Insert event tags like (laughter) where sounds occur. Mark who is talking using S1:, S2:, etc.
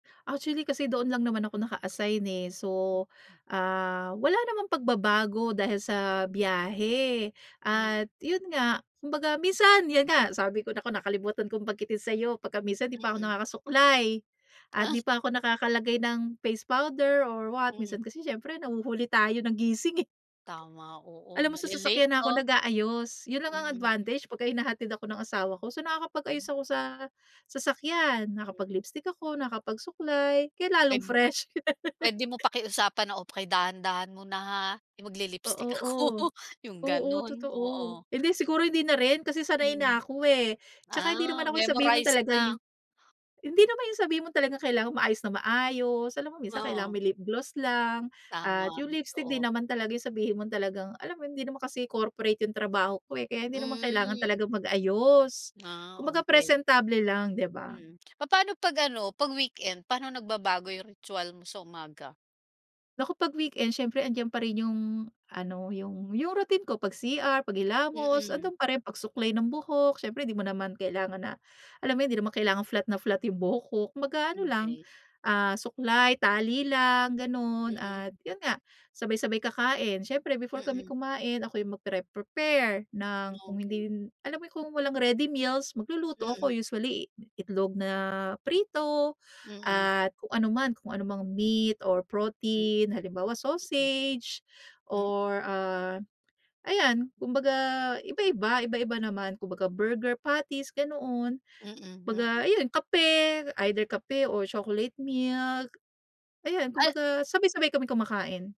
S1: Actually, kasi doon lang naman ako naka-assign, eh. So,
S2: Mm.
S1: ah, wala namang pagbabago dahil sa biyahe.
S2: Mm.
S1: At yun nga, kumbaga minsan 'yan nga sabi ko, naku, nakalimutan kong banggitin sa'yo, pagka minsan 'di pa ako
S2: Mm.
S1: nakakasuklay. At 'di pa
S2: (chuckles)
S1: ako nakakalagay ng face powder or what, minsan
S2: Mm.
S1: kasi siyempre, nahuhuli tayo ng gising, eh.
S2: Tama. Oo,
S1: Alam mo sa
S2: nale-late
S1: sasakyan na ako
S2: 'no?
S1: nag-aayos. Yun lang ang
S2: Mm.
S1: advantage pagka hinahatid ako ng asawa ko. So nakakapag-ayos
S2: Hmm.
S1: ako sa sasakyan,
S2: Mm.
S1: nakakapag-lipstick ako, nakakapag-suklay kaya lalong
S2: Pem
S1: fresh.
S2: puwede mo
S1: (laughs)
S2: pakiusapan na, "Oh, pakidahan-dahan muna, ha. Eh,
S1: Oo,
S2: magli-lipstick ako."
S1: o.
S2: (chuckles) Yung
S1: Oo,
S2: gano'n,
S1: totoo.
S2: oo.
S1: Hindi siguro, hindi na rin, kasi sanay
S2: Mm.
S1: na ako, eh. 'Tsaka hindi
S2: Ah,
S1: naman ako yung sabihin mo
S2: memorize
S1: talagang
S2: na?
S1: hindi naman yung sabihin mo talagang kailangan maayos na maayos. Alam mo, minsan kailangan
S2: Oo.
S1: may lip gloss lang at
S2: Tama,
S1: yung lipstick. 'Di
S2: totoo.
S1: naman talaga yung sabihin mong talagang alam mo yun, hindi naman kasi corporate yung trabaho ko, eh, kaya hindi naman kailangan
S2: Hmm.
S1: talagang mag-ayos.
S2: Ah,
S1: Kumbaga
S2: okey.
S1: presentable lang, di ba?
S2: Mm. Papaano 'pag ano, 'pag weekend, paano nagbabago yung ritwal mo sa umaga?
S1: Naku, 'pag weekend siyempre 'andiyan pa rin yung ano, yung yung routine ko. Pag-CR, paghilamos,
S2: Mm.
S1: ando'n pa rin. Pagsuklay ng buhok, siyempre 'di mo naman kailangan na alam mo, hindi naman kailangan flat na flat yung buhok ko. Kumbaga ano
S2: Mm,
S1: lang,
S2: key.
S1: ah, suklay, tali lang, gano'n.
S2: Mm.
S1: At yun nga, sabay-sabay kakain. Siyempre before kami
S2: Mm.
S1: kumain, ako'y magpre-prepare ng kung
S2: Okey.
S1: hindi yun alam mo kung walang ready meals, magluluto ako,
S2: Mm.
S1: usually itlog na prito
S2: Mm.
S1: at kung ano man, kung ano mang meat or
S2: M
S1: protein. Halimbawa,
S2: Mm.
S1: sausage
S2: M
S1: or, ah, ayan, kumbaga iba-iba. Iba-iba naman, kumbaga burger patties, ganoon.
S2: Mm,
S1: 'Baga,
S2: mm.
S1: ayun kape, either kape or chocolate milk. Ayan,
S2: Al
S1: kumbaga sabay-sabay kaming kumakain.